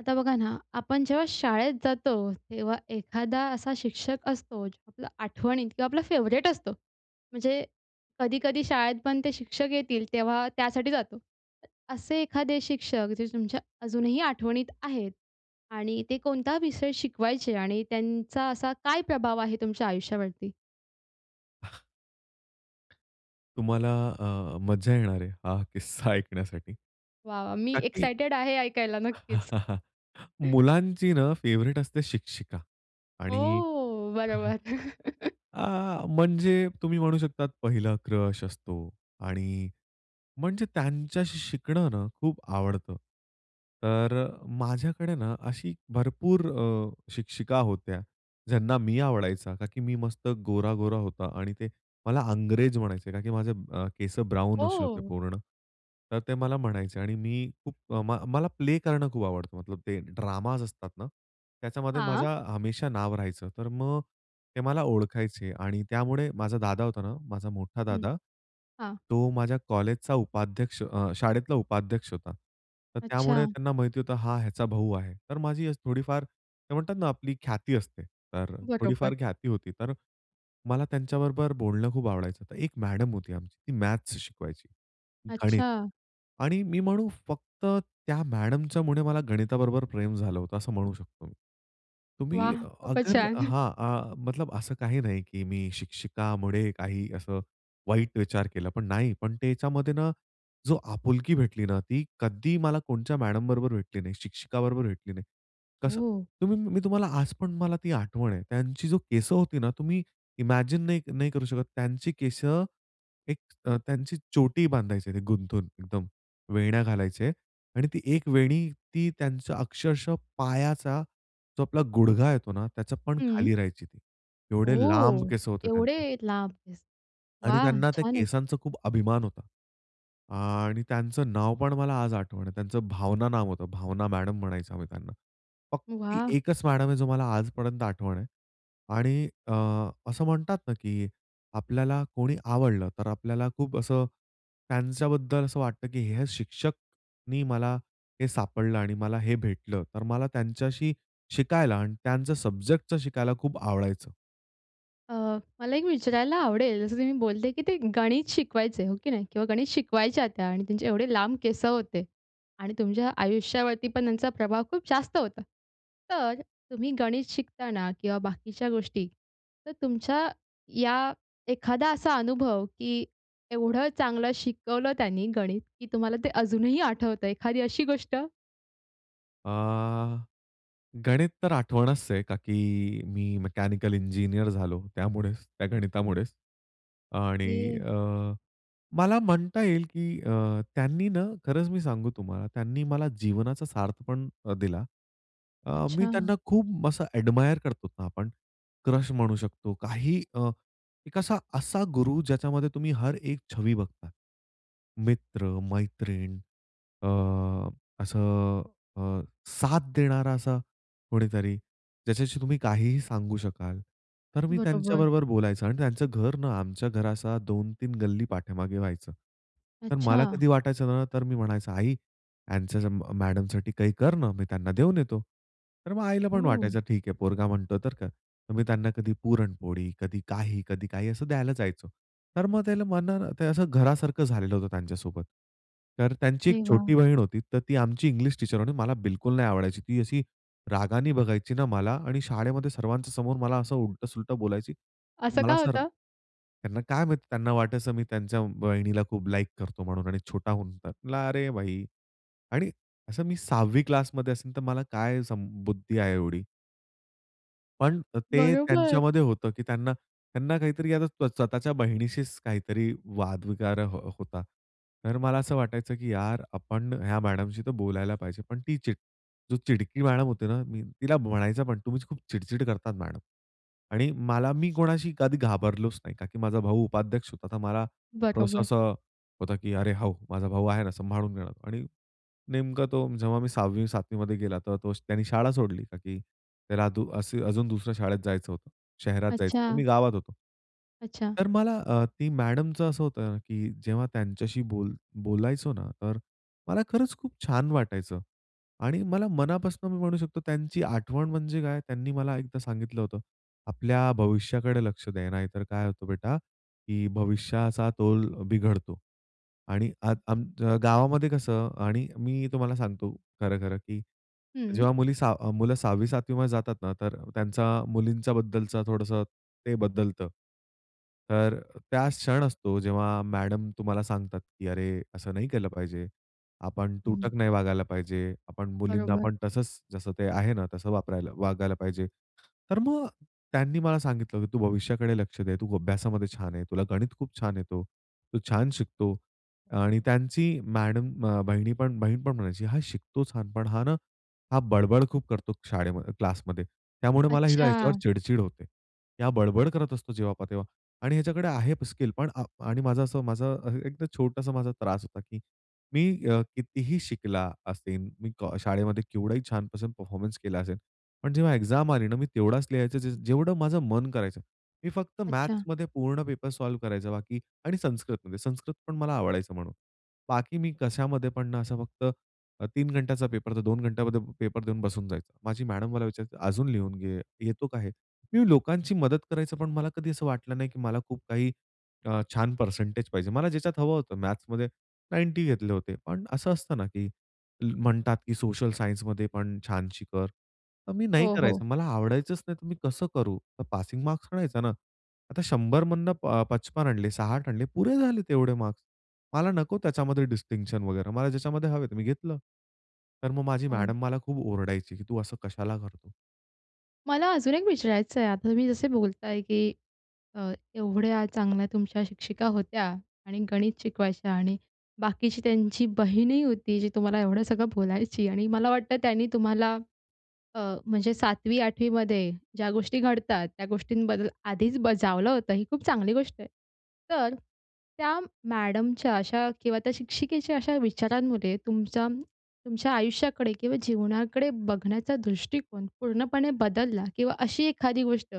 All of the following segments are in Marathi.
आता बघा ना, आपण जेव्हा शाळेत जातो तेव्हा एखादा असा शिक्षक असतो आपला आठवणीत किंवा आपला फेवरेट असतो. म्हणजे कधी-कधी शाळेत पण ते शिक्षक येतील तेव्हा त्यासाठी जातो. असे एखादे शिक्षक जे तुमच्या अजूनही आठवणीत आहेत आणि ते कोणता विषय शिकवायचे आणि त्यांचा असा काय प्रभाव आहे तुमच्या आयुष्यावरती? तुम्हाला अ, मज्जा येणार आहे हा किस्सा ऐकण्यासाठी. वाह! वाह! मी का की एक्साईटेड आहे ऐकायला नक्कीच. मुलांची ना फेव्हरेट असते शिक्षिका आणि ओह! बरोबर. आह, म्हणजे तुम्ही म्हणू शकता पहिला क्रश असतो. आणि म्हणजे त्यांच्याशी शिकणं ना खूप आवडतं. तर माझ्याकडे ना अशी भरपूर अ, शिक्षिका होत्या ज्यांना मी आवडायचा, का की मी मस्त गोर-गोरा होता आणि ते मला अंग्रेज म्हणायचे, कारण की अ, माझे केस ब्राउन असे होते हो. पूर्ण. तर ते मला म्हणायचे आणि मी खूप म मला प्ले करणं खूप आवडतं, मतलब ते ड्रामा असतात ना त्याच्यामध्ये हां. माझं हमेशा नाव राहायचं. तर मग ते मला ओळखायचे आणि त्यामुळे माझा दादा होता ना, माझा मोठा हं, दादा, हां. तो माझ्या कॉलेजचा उपाध्यक्ष अ, शाळेतला उपाध्यक्ष होता. तर त्यामुळे अच्छा. त्यांना माहिती होतं हा ह्याचा भाऊ आहे. तर माझी थोडीफार ते म्हणतात ना आपली ख्याती असते, तर बरोबर. थोडीफार ख्याती होती. तर मला त्यांच्याबरोबर बोलणं खूप आवडायचं. एक मॅडम होती आमची ती मॅथ्स शिकवायची, गणित अच्छा. आणि मी म्हणू फक्त त्या मॅडमच्यामुळे मला गणिताबरोबर प्रेम झालं होतं असं म्हणू शकतो मी. तुम्ही वाह! खूपच अगर छान. हां, आह. मतलब असं काही नाही, की मी शिक्षिकामुळे काही असं वाईट विचार केला पण नाही, पण त्याच्यामध्ये ना जो आपुलकी भेटली ना, ती कधी मला कोणच्या मॅडम बरोबर भेटली नाही, शिक्षिक बरोबर भेटली नाही. कसं हो. तुम्ही मी तुम्हाला आज पण मला ती आठवण आहे त्यांची, जो केस होती ना तुम्ही इमॅजिन नाही नाही करू शकत त्यांची केस, एक त्यांची चोटी बांधायचे ते गुंतून एकदम वेण्या घालायचे आणि ती एक वेणी ती त्यांचं अक्षरशः पायाचा जो आपला गुडघा येतो ना, त्याचं पण हं. खाली राहायची, ती एवढे लांब ओह! केस होते एवढे त्यांचे. लांब केस, आणि वाह! त्यांना त्या छानच. केसांचा खूप अभिमान होता. आणि त्यांचं नाव पण मला आज आठवण आहे, त्यांचं भावना नाव होतं, भावना मॅडम म्हणायचो आम्ही त्यांना. फक्त वाह! एकच मॅडम आहे, जो मला आजपर्यंत आठवण आहे आणि अ, असं म्हणतात ना, की आपल्याला कोणी आवडलं तर आपल्याला खूप असं त्यांच्याबद्दल असं वाटतं, की हे शिक्षकनी मला हे सापडलं आणि मला हे भेटलं, तर मला त्यांच्याशी शिकायला आणि त्यांचं सब्जेक्टच शिकायला खूप आवडायचं. अ, मला एक विचारायला आवडेल, जसं तुम्ही बोलले, की ते गणित शिकवायचं हो की नाही किंवा गणित शिकवायच्या त्या आणि त्यांचे एवढे लांब केस होते आणि तुमच्या आयुष्यावरती पण त्यांचा प्रभाव खूप जास्त होता. तर, तुम्ही गणित शिकताना किंवा बाकीच्या गोष्टी, तर तुमच्या या एखादा असा अनुभव, की एवढं चांगलं शिकवलं त्यांनी गणित, की तुम्हाला ते अजूनही आठवतं एखादी अशी गोष्ट? अ, गणित तर आठवणच आहे, का की मी मेकॅनिकल इंजिनिअर झालो, त्यामुळेच त्या गणितामुळेच. आणि की. अ, मला म्हणता येईल, की अ, त्यांनी ना खरंच मी सांगू तुम्हाला त्यांनी मला जीवनाचा सार्थ पण दिला. अ, मी अच्छा. त्यांना खूप असं एडमायर करतो ना आपण क्रश म्हणू शकतो. काही अ, एक असा असा गुरु ज्याच्यामध्ये तुम्ही हर एक छबी बघतात. मित्र-मैत्रीण अ, असं अ, साथ देणारा असा कोणीतरी ज्याच्याशी तुम्ही काहीही सांगू शकाल. तर मी बरोबर. त्यांच्याबरोबर बोलायचो आणि त्यांचं घर ना आमच्या घरा असं 2-3 गल्ली पाठीमागे व्हायचं. तर मला अच्छा. कधी वाटायचं ना, तर मी म्हणायचो आई यांच्या मॅडम साठी काही कर ना, मी त्यांना देऊन येतो. तर मग आईला पण हो. वाटायचं ठीक आहे पोरगा म्हणतो तर का, तर मी त्यांना कधी पुरणपोळी, कधी काही, कधी काही असं द्यायला जायचो. तर मग त्याला म्हणल ते असं घरासारखं झालेलं होतं त्यांच्या सोबत. तर त्यांची एक अरे वाह! छोटी बहीण होती, तर ती आमची इंग्लिश टीचर होती मला बिलकुल नाही आवडायची. ती अशी रागाने बघायची ना मला आणि शाळेमध्ये सर्वांच्या समोर मला असं उलट-सुलटं बोलायची. असं का मला जर, होतं? त्यांना काय माहिती त्यांना वाटायचं मी त्यांच्या बहिणीला खूप लाइक करतो म्हणून आणि छोटा होऊन म्हणला, "अरे बाई आणि असं मी 6वी क्लास मध्ये असेल, तर मला काय सम बुद्धी आहे एवढी." पण अ, ते बरोबर. त्यांच्यामध्ये होतं की त्यांना त्यांना काहीतरी आहे ना, स्वतःच्या बहिणीशीच काहीतरी वाद वगैरे अ, होता. तर मला असं वाटायचं की "यार, आपण ह्या मॅडमशी तर बोलायला पाहिजे." पण ती चिड जो चिडकी मॅडम होती ना, मी तिला म्हणायचं पण "तुम्हीच खूप चिड-चिड करतात मॅडम" आणि मला मी कोणाशी कधी घाबरलोच नाही, का की माझा भाऊ उपाध्यक्ष होता तर मला थोडंसं बरोबर. असं होतं की अरे हो, माझा भाऊ आहे ना, सांभाळून घेणार आणि नेमकं तो, जेव्हा मी 6वी-7वीमध्ये गेला, तेव्हा तो त्यांनी शाळा सोडली. का की, त्याला अ, दु असु अजून दुसरं शाळेत जायचं होतं. शहरात जायचं होतं. अच्छा. मी गावात होतो. अच्छा. तर मला अ, ती मॅडमचं असं होतं ना, की जेव्हा त्यांच्याशी बोल बोलायचो ना तर मला खरंच खूप छान वाटायचं आणि मला मनापासून मी म्हणू शकतो त्यांची आठवण म्हणजे काय त्यांनी मला एकदा सांगितलं होतं, "आपल्या भविष्याकडे लक्ष द्या, नाहीतर काय होतं बेटा, की भविष्याचा तोल बिघडतो" आणि अद अ, गावामध्ये कसं आणि मी तुम्हाला सांगतो खरंखरं, की हं. जेव्हा मुली 6 मुलं 6वी-7वीमध्ये जातात ना तर त्यांचा मुलींच्या बद्दलचा थोडंसं ते बदलतं. तर त्याच क्षण असतो, जेव्हा मॅडम तुम्हाला सांगतात की, "अरे, असं नाही केलं पाहिजे, आपण हं. तुटक नाही वागायला पाहिजे, आपण मुलींना बरोबर. पण तसंच, जसं ते आहे ना, तसं वापरायला वागायला पाहिजे." तर मग त्यांनी मला सांगितलं की, "तू भविष्याकडे लक्ष दे, तू अभ्यासामध्ये छान आहे, तुला गणित खूप छान येतो, तू छान शिकतो" आणि त्यांची मॅडम अ, बहिणी पण बहीण पण म्हणायची, "हा शिकतो छान. पण हा ना, हा बडबड खूप करतो शाळेमध्ये क्लासमध्ये त्यामुळे मला आहे ना, याच्यावर अच्छा! चिड-चिड होते, हा बडबड करत असतो, जेव्हा पाहा तेव्हा आणि ह्याच्याकडे आहेत स्किल पण." आ आणि माझं असं माझं एकदम छोटासा माझा त्रास होता, की मी अ, कितीही शिकला असेल, मी को शाळेमध्ये केवढही छानपासून परफॉर्मन्स केला असेल, पण जेव्हा एक्झाम आली ना, मी तेवढाच लिहायचं ज जेवढं माझं मन करायचं. मी फक्त अच्छा. मॅथ्समध्ये पूर्ण पेपर सॉल्व्ह करायचं, बाकी आणि संस्कृतमध्ये. संस्कृतपण मला आवडायचं म्हणून. बाकी मी कशामध्ये पण, असं फक्त अ, 3 घंट्याचा पेपर, तर 2 घंट्यामध्ये पेपर देऊन बसून जायचं. माझी मॅडम मला विचारायची, "अजून लिहून घे, येतो का हे?" मी लोकांची मदत करायचं, पण मला कधी असं वाटलं नाही, की मला खूप काही अ, छान परसेंटेज पाहिजे. मला ज्याच्यात हवं होतं. मॅथ्समध्ये 90 घेतले होते. पण असं असतं ना, की म्हणतात की सोशल सायन्समध्ये पण छानशी कर. तर मी नाही हो, हो. करायचं, मला आवडायचंच नाहीतर मी कसं करू? तर पासिंग मार्क्स आणायचा ना. आता 100मधनं अ, प 55 आणले, 60 आणले, पुरे झाले तेवढे मार्क्स, मला नको [unintelligible] त्याच्यामध्ये डिस्टिंक्शन वगैरे, मला ज्याच्यामध्ये हवे ते मी घेतलं. तर मग माझी हो. मॅडम मला खूप ओरडायची की, "तू असं कशाला करतो?" मला अजून एक विचारायचं आहे. आता तुम्ही जसे बोलत आहे, की अ, एवढ्या चांगल्या तुमच्या शिक्षिका होत्या आणि गणित शिकवायच्या आणि बाकीची त्यांची बहीणही होती, जी तुम्हाला एवढं सगळं बोलायची आणि मला वाटतं त्यांनी तुम्हाला अ, म्हणजे 7वी, 8वी मध्ये ज्या गोष्टी घडतात त्या गोष्टींबद्दल आधीच बजावलं होतं. ही खूप चांगली गोष्ट आहे. तर, त्या मॅडमच्या अशा किंवा त्या शिक्षिकेच्या अशा विचारांमुळे तुमचा, तुमच्या आयुष्याकडे किंवा जीवनाकडे बघण्याचा दृष्टिकोन पूर्णपणे बदलला. किंवा अशी एखादी गोष्ट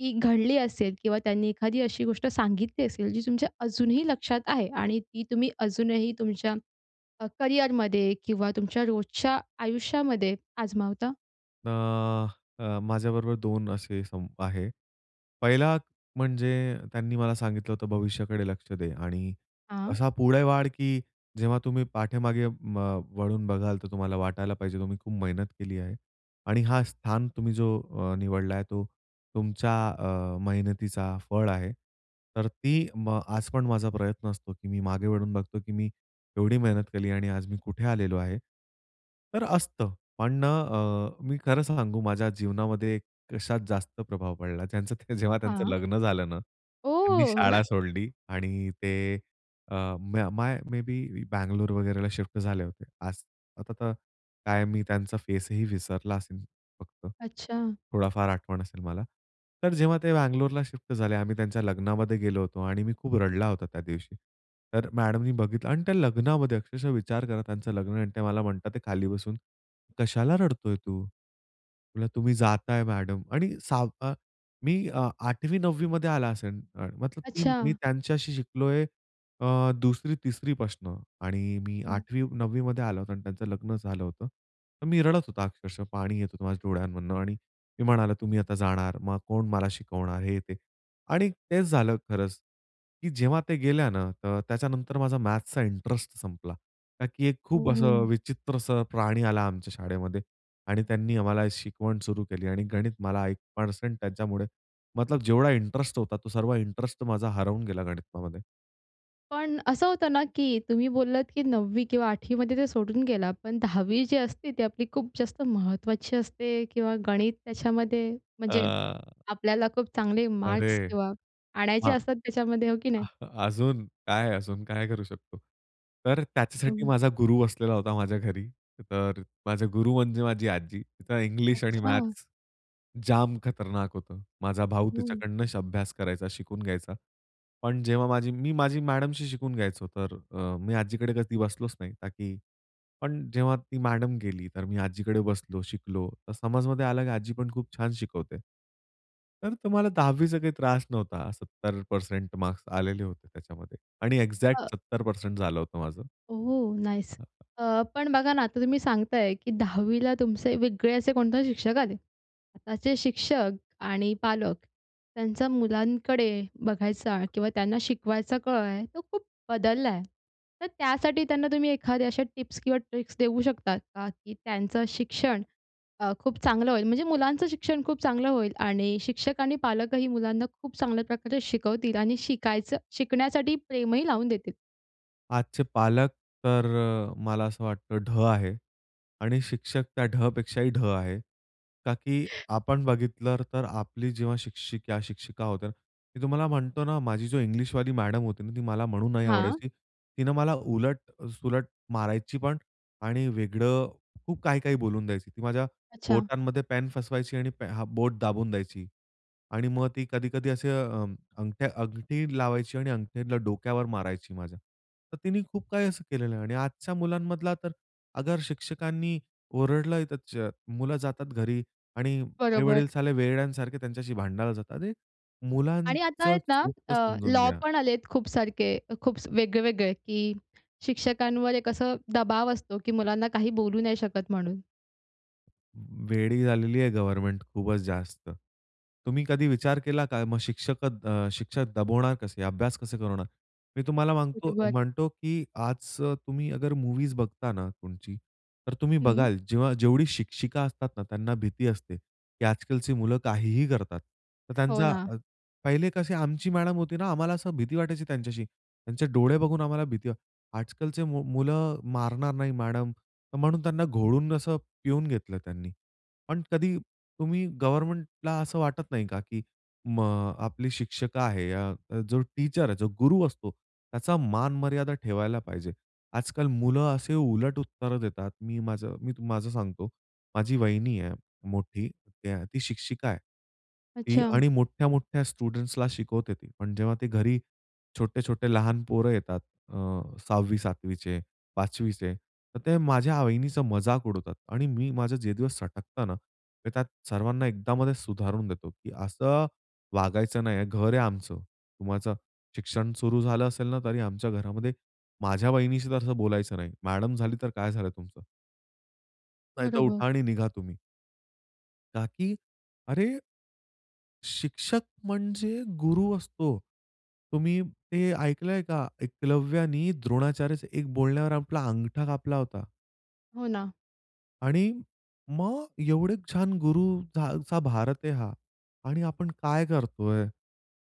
ती घडली असेल किंवा त्यांनी एखादी अशी गोष्ट सांगितली असेल, जी तुमच्या अजूनही लक्षात आहे आणि ती तुम्ही अजूनही तुमच्या अ, करिअरमध्ये किंवा तुमच्या रोजच्या आयुष्यामध्ये आजमावता? अ, अ, माझ्याबरोबर दोन असे संप आहे. पहिला म्हणजे त्यांनी मला सांगितलं होतं भविष्याकडे लक्ष दे. आणि हां. असा पुढे वाढ, की जेव्हा तुम्ही पाठीमागे म, वळून बघाल तर तुम्हाला वाटायला पाहिजे तुम्ही खूप मेहनत केली आहे. आणि हा स्थान तुम्ही जो अ, निवडला आहे तो तुमच्या अ, मेहनतीचा फळ आहे. तर ती, म, आज पण माझा प्रयत्न असतो, की मी मागे वळून बघतो, की मी एवढी मेहनत केली आणि आज मी कुठे आलेलो आहे. तर असतं. पण ना अ, मी खरं सांगू माझ्या जीवनामध्ये कशात जास्त प्रभाव पडला. ज्यांचं जेव्हा त्यांचं हां. लग्न झालं ना, त्यांनी ओह! शाळा सोडली आणि ते अ, म्य माय, मे बी बँगलोर वगैरेला शिफ्ट झाले होते असं. आता तर, काय मी त्यांचा फेसही विसरला असेल. फक्त अच्छा. थोडाफार आठवण असेल मला. तर जेव्हा ते बँगलोरला शिफ्ट झाले, आम्ही त्यांच्या लग्नामध्ये गेलो होतो आणि मी खूप रडला होता त्या दिवशी. तर मॅडमनी बघितलं आणि त्या लग्नामध्ये अक्षरशः विचार करा, त्यांचं लग्न आणि ते मला म्हणतात, ते खाली बसून, कशाला रडतोय तू? तुला, तुम्ही जाताय मॅडम आणि सा अ, मी अ, 8वी, 9वी मध्ये आला असेल. अ, मतलब की मी अच्छा. त्यांच्याशी शिकलोय अ, 2री, 3री पासून. आणि मी हं. 8वी, 9वी मध्ये आला होता आणि त्यांचं लग्न झालं होतं. तर मी रडत होतो अक्षरशः पाणी येत होतं माझ्या डोळ्यांमधून. आणि मी म्हणालो तुम्ही आता जाणार, मग कोण मला शिकवणार हे ते. आणि तेच झालं खरंच, की जेव्हा ते गेल्या ना अ, तर त्याच्यानंतर माझा मॅथ्सचा इंटरेस्ट संपला. का की एक हं, खूप असं हं. विचित्रसं प्राणी आला आमच्या शाळेमध्ये. आणि त्यांनी आम्हाला शिकवण सुरू केली आणि गणित मला 1% त्याच्यामुळे, मतलब जेवढा इंटरेस्ट होता, तो सर्व इंटरेस्ट माझा हरवून गेला गणितामध्ये. पण असं होतं ना, की तुम्ही बोललात, की 9वी किंवा 8वी मध्ये ते सोडून गेला. पण 10वी जी असते ती आपली खूप जास्त महत्त्वाची असते. किंवा गणित त्याच्यामध्ये म्हणजे अ आपल्याला खूप चांगले मार्क्स अरे तेव्हा आणायचे हां. असतात त्याच्यामध्ये, हो की नाही? अजून काय, अजून काय करू शकतो? तर, त्याच्यासाठी बरोबर. माझा गुरु असलेला होता, माझ्या घरी तर माझे गुरु म्हणजे माझी आजी. तिचं इंग्लिश आणि अच्छा. मॅथ्स जाम खतरनाक होतं. माझा भाऊ हं. तिच्याकडनं अभ्यास करायचा, शिकून घ्यायचा. पण, जेव्हा माझी मी माझ्या मॅडमशी शिकून घ्यायचो. तर, अ, मी आजीकडे कधी बसलोच नाही ताकी. पण, जेव्हा ती मॅडम गेली. तर, मी आजीकडे बसलो, शिकलो. तर, समजण्यामध्ये आला, की आजी पण खूप छान शिकवते. तर, तुम्हाला 10वी चा काही त्रास नव्हता, 70% मार्क्स आलेले होते. त्याच्यामध्ये आणि एक्झॅक्ट अ 70% झालं होतं माझं. ओह! हां, नाईस. हां. अ, पण बघा ना आता तुम्ही सांगत आहे, की 10वी ला तुमचे वेगळे असे कोणते शिक्षक आले. आताचे शिक्षक आणि पालक त्यांचा मुलांकडे बघायचा किंवा त्यांना शिकवायचा काळ आहे तो खूप बदलला आहे. तर, त्यासाठी त्यांना तुम्ही एखाद्या अशा टिप्स किंवा ट्रिक्स देऊ शकता का? की, त्यांचं शिक्षण अ, खूप चांगलं होईल, म्हणजे मुलांचं शिक्षण खूप चांगलं होईल आणि शिक्षक आणि पालकही मुलांना खूप चांगल्या प्रकारे शिकवतील आणि शिकायचं शिकण्यासाठी प्रेमही लावून देतील. आजचे पालक तर मला असं वाटतं ढ आहे आणि शिक्षक त्या ढ पेक्षाही ढ आहे. का? की आपण बघितलं तर आपली जेव्हा शिक्षिका, शिक्षिका होत्या मी तुम्हाला म्हणतो ना, माझी जो इंग्लिशवाली मॅडम होती ना, ती मला म्हणून नाही हां. आवडायची. तिनं मला उलट, सुलट मारायची पण आणि वेगळं खूप काही, काही बोलून द्यायची. ती माझ्या अच्छा! बोटांमध्ये पेन फसवायची आणि पे हा बोट दाबून द्यायची आणि मग ती कधी, कधी असे अ, अंगठ्या, अंगठी लावायची आणि अंगठीतला डोक्यावर मारायची माझ्या. तर तिने खूप काही असं केलेलं आहे. आणि आजच्या मुलांमधला तर अगर, शिक्षकांनी ओरडलय त च मुलं जातात घरी आणि बरोबर. आई-वडील साले वेड्यासारखे त्यांच्याशी भांडायला जातात. अरे आणि आता मुलांचं आहेत ना चूक तर अ, समजून लॉ घ्या. पण आलेत खूप सारखे, खूप वेगळेवेगळे, की शिक्षकांवर एक असं दबाव असतो की मुलांना काही बोलू नाही शकत म्हणून. वेडी झालेली आहे गव्हर्नमेंट खूपच जास्त. तुम्ही कधी विचार केला का? मग शिक्षकत अ, शिक्षक दबवणार कसे? अभ्यास कसे करवणार? मी तुम्हाला म्हणतो, बरोबर. म्हणतो की आज तुम्ही अगर मूवीज बघता ना तुमची, तर तुम्ही हं बघाल, जेव्हा जेवढी शिक्षिका असतात ना त्यांना भीती असते, की आजकालची मुलं काहीही करतात. तर हो त्यांचा ना. पहिले कशी आमची मॅडम होती ना, आम्हाला असं भीती वाटायची त्यांच्याशी, त्यांचे डोळे बघून आम्हाला भीती आजकालचे मु मुलं मारणार नाही मॅडम तर म्हणून त्यांना घोळून असं पिऊन घेतलं त्यांनी. पण कधी तुम्ही गव्हर्नमेंटला असं वाटत नाही का? की मग, आपली शिक्षक आहे या जो टीचर आहे, जो गुरु असतो त्याचा मान-मर्यादा ठेवायला पाहिजे. आजकाल मुलं असे उलट उत्तर देतात. मी माझं मी माझं सांगतो, माझी वहिनी आहे मोठी, ती शिक्षिका आहे. ती अच्छा! आणि मोठ्या, मोठ्या स्टुडंट्सला शिकवते, ती पण जेव्हा ते घरी छोटे-छोटे लहान पोरं येतात अ, 6वी- 7वीचे 5वीचे तर ते माझ्या वहिनीचा मजाक उडवतात आणि मी माझं जे दिवस सटकताना, मी त्यात सर्वांना एकदा मध्ये सुधारून देतो, की "असं वागायचं नाहीये घर आहे आमचं, तुम्हाचं शिक्षण सुरु झालं असेल ना, तरी आमच्या घरामध्ये माझ्या वहिनीशी तर असं बोलायचं नाही. मॅडम झाली तर काय झालं तुमचं?" नाहीतर बरोबर. उठा आणि निघा तुम्ही. का की अरे शिक्षक म्हणजे गुरु असतो. तुम्ही ते ऐकलंय का? एकलव्यानी द्रोणाचार्यच्या एक बोलण्यावर आपला अंगठा कापला होता. हो, ना. आणि मग एवढे छान गुरु जा जांचा भारत आहे हा. आणि आपण काय करतोय?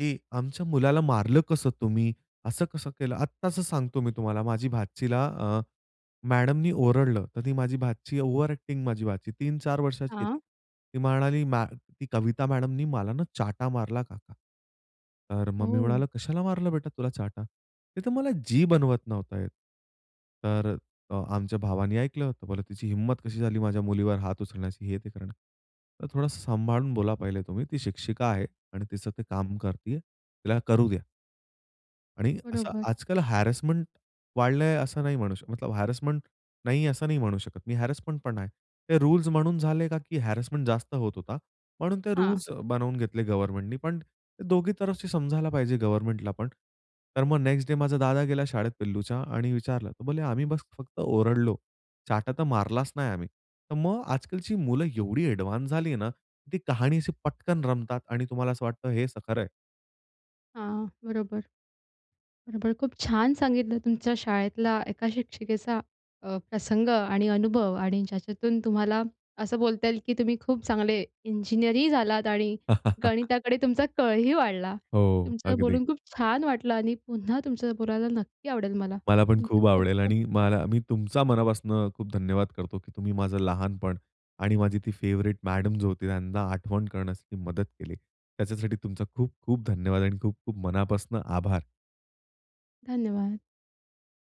की आमच्या मुलाला मारलं कसं तुम्ही? असं कसं केलं? आत्ताचं सांगतो मी तुम्हाला, माझी भाचीला अ, मॅडमनी ओरडलं, तर ती माझी भाची ओव्हर ॲक्टिंग माझी भाची. 3-4 वर्षाची आहे ती. हां. ती म्हणाली, "मॅ कविता मॅडमनी मला ना, चाटा मारला काका." तर हो, मग मी हो. म्हणाला, "कशाला मारलं बेटा तुला चाटा?" "ते तर मला, जी बनवत नव्हता येत." तर अ, आमच्या भावाने ऐकलं. तर ते बोलले, "तिची हिंमत कशी झाली, माझ्या मुलीवर हात उचलण्याची हे ते करणं." तर म्हंटलं, "थोडंसं सांभाळून बोला पहिले तुम्ही, ती शिक्षिका आहे आणि तिचं ते काम करतीय, तिला करू द्या." आणि असं बरोबर. आजकाल हॅरेसमेंट वाढलंय असं नाही म्हणू शकत. हॅरेसमेंट नाही, असं नाही म्हणू शकत मी, हॅरेसमेंटपण आहे. ते रूल्स म्हणून झाले का की हॅरेसमेंट जास्त होत होता. म्हणून ते हां. रूल्स बनवून घेतले गव्हर्नमेंटनी, पण दोघी तरफशी समजायला पाहिजे गव्हर्नमेंटलापण. तर मग नेक्स्ट डे माझा दादा गेला शाळेत पिल्लूच्या आणि विचारलं तर बोलले, "आम्ही बस फक्त ओरडलो, चाटा तर मारलाच नाही आम्ही." तर मग आजकालची मुलं एवढी ॲडवान्स झाली ना, ती कहाणी अशी पटकन रमतात आणि तुम्हाला असं वाटतं हेचं खरं आहे. हां, बरोबर. बरोबर. खूप छान सांगितलं तुमच्या शाळेतला एका शिक्षिकेचा अ, प्रसंग आणि अनुभव आणि ज्याच्यातून तुम्हाला असं बोलता येईल की तुम्ही खूप चांगले इंजिनिअरही झालात आणि गणिताकडे तुमचा कलंही वाढला. हो, तुमच्यांशी अगदी. बोलून खूप छान वाटलं आणि पुन्हा तुमच्यांशी बोलायला नक्की आवडेल मला. मला पण तुमचं खूप आवडेल खूप-खूप आणि मला मी तुमचा मनापासनं खूप धन्यवाद करतो, की तुम्ही माझं लहानपण आणि माझी ती फेवरेट मॅडम जी होती, त्यांना आठवण करण्यासाठी मदत केली. त्याच्यासाठी तुमचा खूप-खूप धन्यवाद. आणि खूप-खूप मनापासनं आभार. धन्यवाद.